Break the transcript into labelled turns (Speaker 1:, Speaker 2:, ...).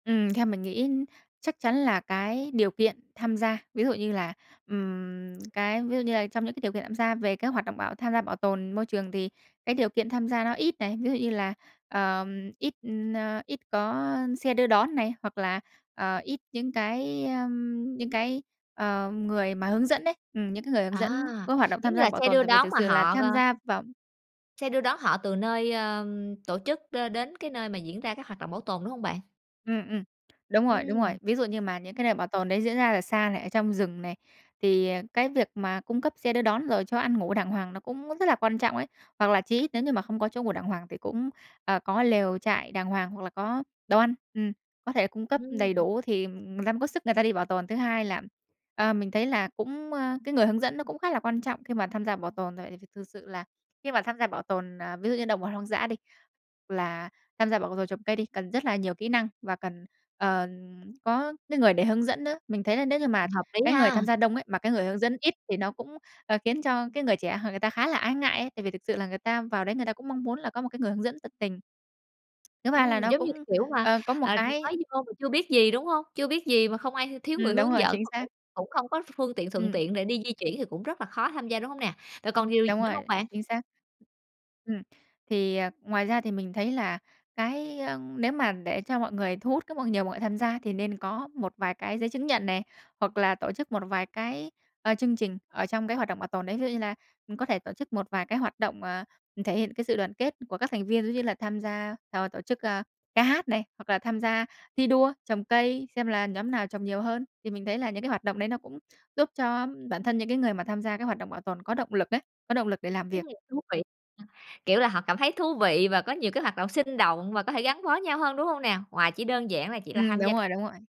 Speaker 1: Ừm, theo mình nghĩ chắc chắn là cái điều kiện tham gia, ví dụ như là, ừm, cái ví dụ như là trong những cái điều kiện tham gia về cái hoạt động bảo tham gia bảo tồn môi trường thì cái điều kiện tham gia nó ít này, ví dụ như là, ờm, ít, ờ, ít có xe đưa đón này, hoặc là, ờ, ít những cái, ơm, những cái, ờ, người mà hướng dẫn đấy, ừm, những cái người hướng
Speaker 2: À,
Speaker 1: dẫn có hoạt động
Speaker 2: giống
Speaker 1: tham
Speaker 2: như
Speaker 1: gia
Speaker 2: là
Speaker 1: bảo
Speaker 2: xe
Speaker 1: tồn,
Speaker 2: đưa
Speaker 1: tại vì
Speaker 2: đón
Speaker 1: thực
Speaker 2: mà
Speaker 1: sự là
Speaker 2: họ,
Speaker 1: tham
Speaker 2: ờ
Speaker 1: gia vào
Speaker 2: xe đưa đón họ từ nơi, ờm, tổ chức đ đến cái nơi mà diễn ra các hoạt động bảo tồn, đúng hông bạn?
Speaker 1: Ừm, ừm. Đúng rồi, đúng rồi.
Speaker 2: Ừm.
Speaker 1: Ví dụ như mà những cái nơi bảo tồn đấy diễn ra ở xa này, ở trong rừng này, thì, à, cái việc mà cung cấp xe đưa đón rồi cho ăn ngủ đàng hoàng nó cũng rất là quan trọng ấy. Hoặc là chí ít nếu như mà không có chỗ ngủ đàng hoàng thì cũng, ờ, có lều trại đàng hoàng, hoặc là có đồ ăn, ừm, có thể là cung cấp đầy
Speaker 2: Ừm.
Speaker 1: đủ thì người ta mới có sức người ta đi bảo tồn. Thứ hai là, ờ, mình thấy là cũng, ơ, cái người hướng dẫn nó cũng khá là quan trọng khi mà tham gia bảo tồn, tại vì th thực sự là khi mà tham gia bảo tồn, ờ, ví dụ như động vật hoang dã đi, h là tham gia bảo tồn trồng cây đi, cần rất là nhiều kỹ năng và cần, ờm, có cái người để hướng dẫn nữa. Mình thấy là nếu như mà
Speaker 2: Hợp lý
Speaker 1: cái người
Speaker 2: ha.
Speaker 1: tham gia đông ấy, mà cái người hướng dẫn ít thì nó cũng, ờ, khiến cho cái người trẻ h người ta khá là ái ngại ấy, tại vì thực sự là người ta vào đấy người ta cũng mong muốn là có một cái người hướng dẫn tận tình. Thứ ba là
Speaker 2: Ừm,
Speaker 1: nó
Speaker 2: giống như
Speaker 1: cũng,
Speaker 2: kiểu mà,
Speaker 1: ờ, có một
Speaker 2: à,
Speaker 1: cái
Speaker 2: mới vô mà chưa biết gì, đúng hông? Chưa biết gì mà không ai thiếu người
Speaker 1: Ừm, đúng
Speaker 2: hướng
Speaker 1: rồi,
Speaker 2: dẫn
Speaker 1: chính
Speaker 2: mà
Speaker 1: xác.
Speaker 2: cũng cũng không có ph phương tiện thuận
Speaker 1: Ừm.
Speaker 2: tiện để đi di chuyển thì cũng rất là khó tham gia, đúng hông nè? Rồi còn điều gì
Speaker 1: Đúng
Speaker 2: nữa
Speaker 1: rồi,
Speaker 2: hông bạn?
Speaker 1: chính xác, ừm. Thì, ờ, ngoài ra thì mình thấy là cái, ơ, nếu mà để cho mọi người thu hút các nhiều mọi tham gia thì nên có một vài cái giấy chứng nhận này, hoặc là tổ chức một vài cái, ờ, chương trình ở trong cái hoạt động bảo tồn đấy, ví dụ như là, ừm, có thể tổ chức một vài cái hoạt động, ờ, thể hiện cái sự đoàn kết của các thành viên, ví dụ như là tham gia, [unintelligible] tổ chức, a, ca hát này, hoặc là tham gia thi đua trồng cây, xem là nhóm nào trồng nhiều hơn. Thì mình thấy là những cái hoạt động đấy nó cũng giúp cho bản thân những cái người mà tham gia cái hoạt động bảo tồn có động lực ấy, có động lực để làm
Speaker 2: Ừm,
Speaker 1: việc.
Speaker 2: thú vị, ừm, kiểu là, họ cảm thấy thú vị và có nhiều cái hoạt động sinh động và có thể gắn bó với nhau hơn, đúng hông nè? Ngoài chỉ đơn giản là chỉ là
Speaker 1: Ừm,
Speaker 2: tham
Speaker 1: đúng
Speaker 2: gia
Speaker 1: rồi, đúng rồi.